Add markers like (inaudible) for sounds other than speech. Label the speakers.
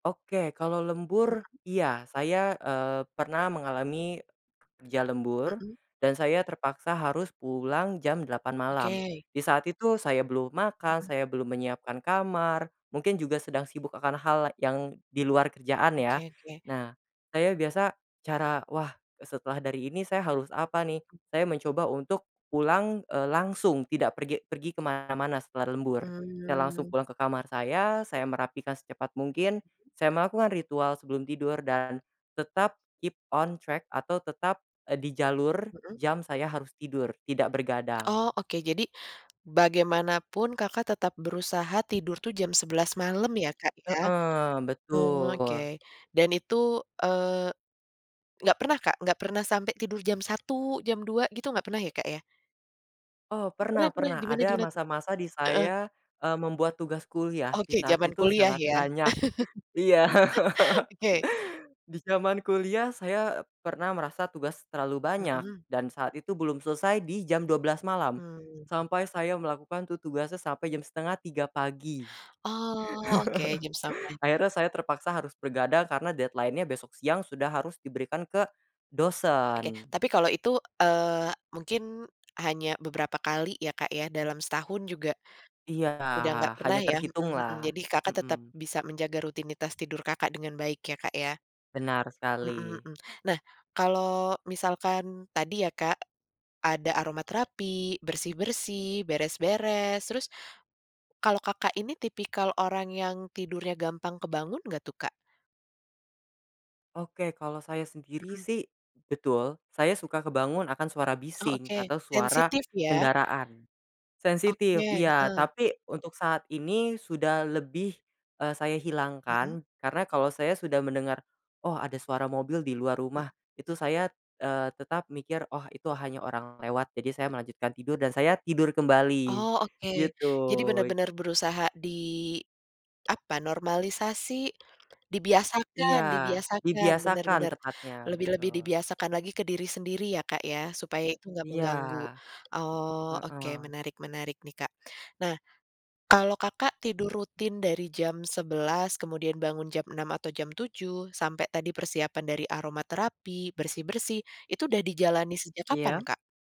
Speaker 1: Oke kalau lembur
Speaker 2: Mhm.
Speaker 1: iya saya, eee, pernah mengalami, kerja lembur,
Speaker 2: Mhm.
Speaker 1: dan saya terpaksa harus pulang jam 8 malam,
Speaker 2: Oke.
Speaker 1: di saat itu saya belum makan
Speaker 2: Mhm.
Speaker 1: saya belum menyiapkan kamar, mungkin juga sedang sibuk akan hal yang di luar kerjaan ya,
Speaker 2: Oke oke.
Speaker 1: nah, saya biasa cara wah e setelah dari ini saya harus apa nih, saya mencoba untuk pulang, eee, langsung tidak pergi pergi ke mana-mana setelah lembur, saya langsung
Speaker 2: Mmm.
Speaker 1: pulang ke kamar saya saya merapikan secepat mungkin, saya melakukan ritual sebelum tidur dan tetap keep on track atau tetap, eee, di jalur
Speaker 2: Mhm.
Speaker 1: jam saya harus tidur tidak
Speaker 2: Oh
Speaker 1: begadang.
Speaker 2: oke jadi, bagaimanapun Kakak tetap berusaha tidur tuh jam 11 malam ya Kak ya?
Speaker 1: Heeh,
Speaker 2: Oke
Speaker 1: betul.
Speaker 2: dan itu, eee, enggak pernah Kak enggak pernah sampai tidur jam 1 jam 2 gitu enggak pernah ya Kak, ya?
Speaker 1: Oh
Speaker 2: Oh
Speaker 1: pernah
Speaker 2: pernah pernah
Speaker 1: pernah
Speaker 2: gimana
Speaker 1: ada
Speaker 2: gimana tuh?
Speaker 1: masa-masa di
Speaker 2: Heeh.
Speaker 1: saya, eee, membuat tugas kuliah
Speaker 2: Oke
Speaker 1: di saat
Speaker 2: zaman
Speaker 1: itu
Speaker 2: kuliah
Speaker 1: sangat
Speaker 2: ya
Speaker 1: banyak, iya
Speaker 2: (chuckles) oke.
Speaker 1: (laughs) di zaman kuliah saya, eee, pernah merasa tugas terlalu banyak,
Speaker 2: Mhm.
Speaker 1: dan saat itu belum selesai di jam 12 malam,
Speaker 2: Mmm.
Speaker 1: sampai saya melakukan tu tugasnya sampai jam 2.30 pagi.
Speaker 2: Oh oke jam sampai.
Speaker 1: (chuckles) Akhirnya saya terpaksa harus begadang karena deadline-nya besok siang sudah harus diberikan ke,
Speaker 2: Oke
Speaker 1: dosen.
Speaker 2: tapi kalau itu, eee, mungkin, hanya beberapa kali ya Kak ya dalam setahun juga.
Speaker 1: Iya
Speaker 2: Udah nggak
Speaker 1: hanya
Speaker 2: pernah ya,
Speaker 1: terhitung
Speaker 2: mhm mhm
Speaker 1: lah,
Speaker 2: jadi Kakak tetap
Speaker 1: mhm.
Speaker 2: bisa menjaga rutinitas tidur Kakak dengan baik ya Kak ya.
Speaker 1: Benar
Speaker 2: Mhm
Speaker 1: sekali.
Speaker 2: mhm, nah kalau misalkan tadi ya Kak. Ada aromaterapi, bersih-bersih, beres-beres, terus, kalau Kakak ini tipikal orang yang tidurnya gampang kebangun nggak tuh Kak?
Speaker 1: Oke kalau saya sendiri
Speaker 2: Mhm.
Speaker 1: sih, betul saya suka kebangun akan suara
Speaker 2: Oh
Speaker 1: bising
Speaker 2: oke
Speaker 1: atau suara
Speaker 2: sensitif ya.
Speaker 1: kendaraan. Sensitif
Speaker 2: Oke,
Speaker 1: iya
Speaker 2: heeh.
Speaker 1: tapi untuk saat ini sudah lebih, eee, saya
Speaker 2: Mhm.
Speaker 1: hilangkan karena kalau saya sudah mendengar, "Oh ada suara mobil di luar rumah"
Speaker 2: Mhm.
Speaker 1: itu saya, eee, tetap mikir, "oh itu hanya orang lewat jadi saya melanjutkan tidur dan saya tidur kembali,
Speaker 2: Oh oke
Speaker 1: gitu.
Speaker 2: jadi benar-benar berusaha di, apa normalisasi,
Speaker 1: Iya
Speaker 2: dibiasakan dibiasakan benar
Speaker 1: dibiasakan
Speaker 2: benar,
Speaker 1: tepatnya
Speaker 2: lebih-lebih
Speaker 1: betul.
Speaker 2: dibiasakan lagi ke diri sendiri ya Kak ya supaya itu enggak
Speaker 1: Iya,
Speaker 2: mengganggu, oh oke
Speaker 1: heeh.
Speaker 2: menarik-menarik nih Kak nah. Kalau Kakak tidur rutin dari jam 11 kemudian bangun jam 6 atau jam 7 sampai tadi persiapan dari aromaterapi, bersih-bersih itu udah dijalani sejak
Speaker 1: Iya?
Speaker 2: kapan Kak?